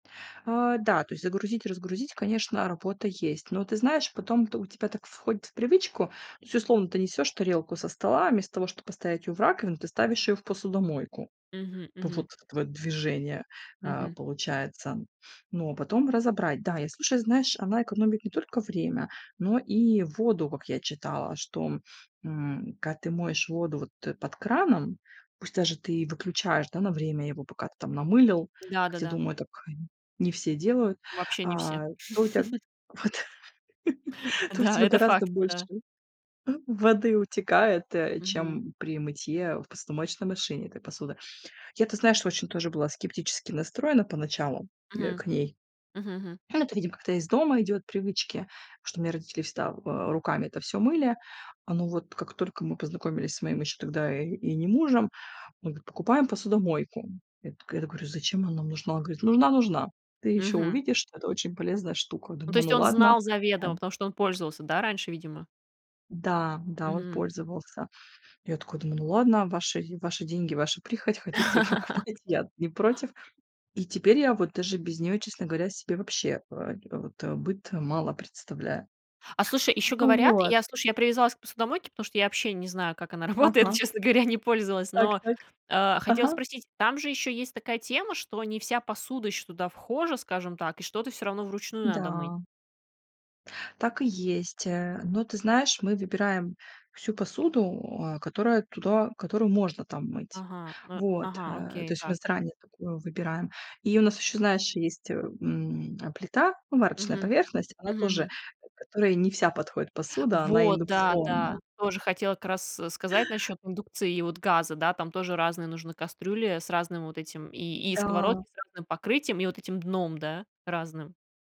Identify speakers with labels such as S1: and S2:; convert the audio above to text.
S1: Э, да, то есть загрузить, разгрузить, конечно, работа есть. Но ты знаешь, потом т у тебя так входит в привычку. То есть условно ты несёшь тарелку со стола, а вместо того, чтобы поставить её в раковину, ты ставишь её в посудомойку.
S2: Мгм,
S1: Вот
S2: мгм.
S1: это твоё движение, э,
S2: Мгм.
S1: получается. Ну, а потом разобрать. Да, и слушай, знаешь, она экономит не только время, но и воду, как я читала. Что, м, когда ты моешь воду вот, э, под краном, пусть даже ты выключаешь, да, на время его, пока ты там намылил, хотя,
S2: Да-да-да.
S1: думаю, так не все делают,
S2: Вообще не все.
S1: а, то у тя, вот, то у
S2: Да,
S1: тебя
S2: это
S1: гораздо
S2: факт.
S1: больше
S2: Да.
S1: воды утекает, э,
S2: Мгм.
S1: чем при мытье в посудомоечной машине этой посуды. Я, ты знаешь, очень тоже была скептически настроена поначалу, э,
S2: Мгм.
S1: к ней.
S2: Мгм, мгм.
S1: Ну, это, видимо, как-то из дома идёт, привычки, потому что у меня родители всегда, в э, руками это всё мыли, оно вот как только мы познакомились с моим ещё тогда и и не мужем, он говорит: "Покупаем посудомойку". Я такая, да, говорю: "Зачем она нам нужна?". Он говорит: "Нужна нужна. Ты ещё
S2: Мгм.
S1: увидишь, что это очень полезная штука".
S2: Ну, то
S1: Думаю:
S2: есть
S1: "Ну
S2: он
S1: ладно",
S2: знал
S1: э,
S2: заведомо,
S1: м.
S2: потому что он пользовался, да, раньше, видимо?
S1: Да, да, он
S2: Мгм.
S1: пользовался. Я такая думаю: "Ну ладно, ваши ваши деньги, ваша прихоть, хотите- покупайте". Я-то не против. И теперь я вот даже без неё, честно говоря, себе вообще, э, э, вот быт мало представляю.
S2: А, слушай, ещё говорят,
S1: Вот.
S2: я, слушай, я привязалась к посудомойке, потому что я вообще не знаю, как она работает, но,
S1: Ага.
S2: честно говоря, не пользовалась.
S1: Так,
S2: Но,
S1: так.
S2: э, хотела
S1: Ага.
S2: спросить, там же ещё есть такая тема, что не вся посуда ещё туда вхожа, скажем так, и что-то всё равно вручную надо мыть?
S1: Да. Так и есть, э, но, ты знаешь, мы выбираем всю посуду, а, которая туда которую можно там мыть.
S2: Ага, ну,
S1: Вот,
S2: ага,
S1: э, то
S2: окей,
S1: есть у нас
S2: так.
S1: заранее такую выбираем. И у нас ещё, знаешь, есть, м, э, плита, ну, варочная
S2: Мгм.
S1: поверхность, она
S2: Мгм,
S1: тоже,
S2: мгм.
S1: к которой не вся подходит посуда, она
S2: Вот, да
S1: индукционная.
S2: да. Тоже хотела как раз сказать насчёт индукции и вот газа. Да, там тоже разные нужны кастрюли с разным вот этим и и
S1: Да.
S2: сковородки с разным покрытием и вот этим дном, да, разным.